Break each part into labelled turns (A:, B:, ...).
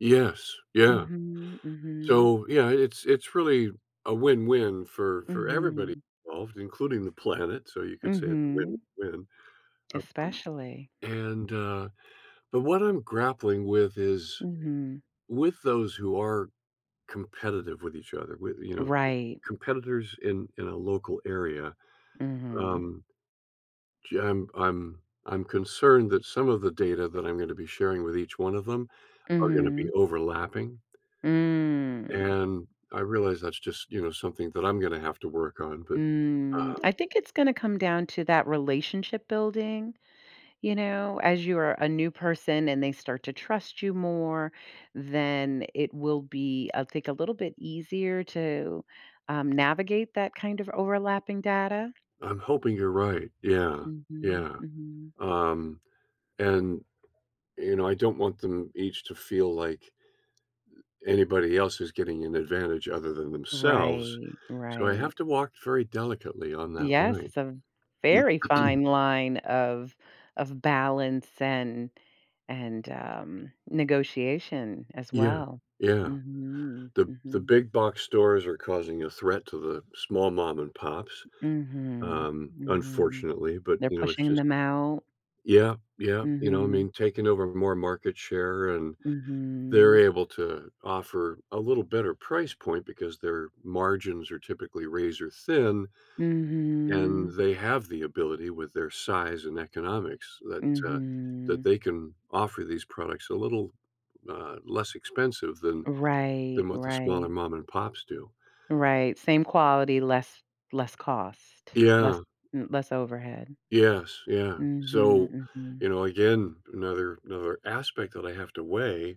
A: Yes. Yeah.
B: Mhm. Mhm.
A: So, yeah, it's it's really a win-win for for everybody
B: Mhm.
A: involved, including the planet, so you could say it's
B: Mhm.
A: win-win, um,
B: Especially.
A: and, uh but what I'm grappling with is
B: Mhm.
A: with those who are competitive with each other, with, you know,
B: Right.
A: competitors in in a local area,
B: Mhm.
A: um ju um, I'm I'm concerned that some of the data that I'm going to be sharing with each one of them are going to be
B: Mhm.
A: overlapping.
B: Mm.
A: And I realize that's just, you know, something that I'm going to have to work on, but,
B: Mm, I
A: um
B: think it's gonna come down to that relationship-building. You know, as you are a new person and they start to trust you more, then it will be, I think, a little bit easier to, um, navigate that kind of overlapping data.
A: I'm hoping you're right, yeah.
B: Mhm.
A: Yeah,
B: Mhm.
A: um, and, you know, I don't want them each to feel like anybody else is getting an advantage other than themselves.
B: Right,
A: So I
B: right.
A: have to walk very delicately on that
B: Yes,
A: line.
B: it's a v very fine line of of balance and and, um, negotiation as
A: Yeah.
B: well.
A: Yeah.
B: Mhm,
A: The the
B: mhm.
A: big box stores are causing a threat to the small mom-and-pops,
B: Mhm,
A: um,
B: mhm.
A: unfortunately, but,
B: They're
A: you know, it's
B: pushing
A: just
B: them out.
A: yeah, yeah, you know, I
B: Mhm.
A: mean, taking over more market share, and they're
B: Mhm.
A: able to offer a little better price point because their margins are typically razor thin, and
B: Mhm.
A: they have the ability with their size and economics that, uh that
B: Mhm.
A: they can offer these products a little, uh, less expensive than
B: Right,
A: than what the smaller
B: right.
A: mom-and-pops do.
B: Right, same quality, less less cost, less
A: Yeah.
B: m less overhead.
A: Yes, yeah, so,
B: Mhm, mhm.
A: you know, again, another another aspect that I have to weigh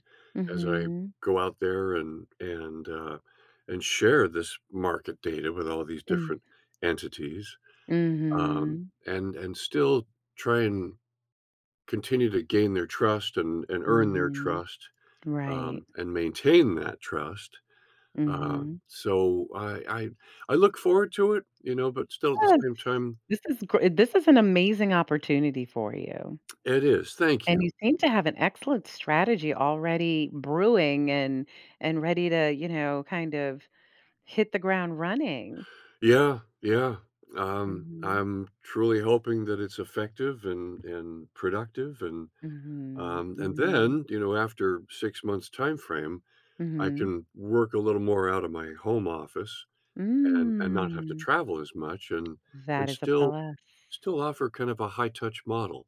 A: as I
B: Mhm.
A: go out there and and, uh and share this market data with all these
B: Mm.
A: different entities, um,
B: Mhm.
A: and and still try and continue to gain their trust and and earn their
B: Mhm,
A: trust,
B: right.
A: um, and maintain that trust, um,
B: Mhm.
A: so, I I I look forward to it, you know, but still at the
B: Yes,
A: same time
B: this is gr this is an amazing opportunity for you
A: It is, thank
B: and you
A: you.
B: seem to have an excellent strategy already brewing and and ready to, you know, kind of hit the ground running.
A: Yeah. Yeah, um,
B: Mhm.
A: I'm truly hoping that it's effective and and productive, and,
B: Mhm,
A: um, and
B: mhm.
A: then, you know, after 6 months' time-frame, I
B: Mhm.
A: can work a little more out of my home office and and not have to
B: Mm.
A: travel as much and and
B: That is a
A: still
B: plus.
A: still offer kind of a high touch model.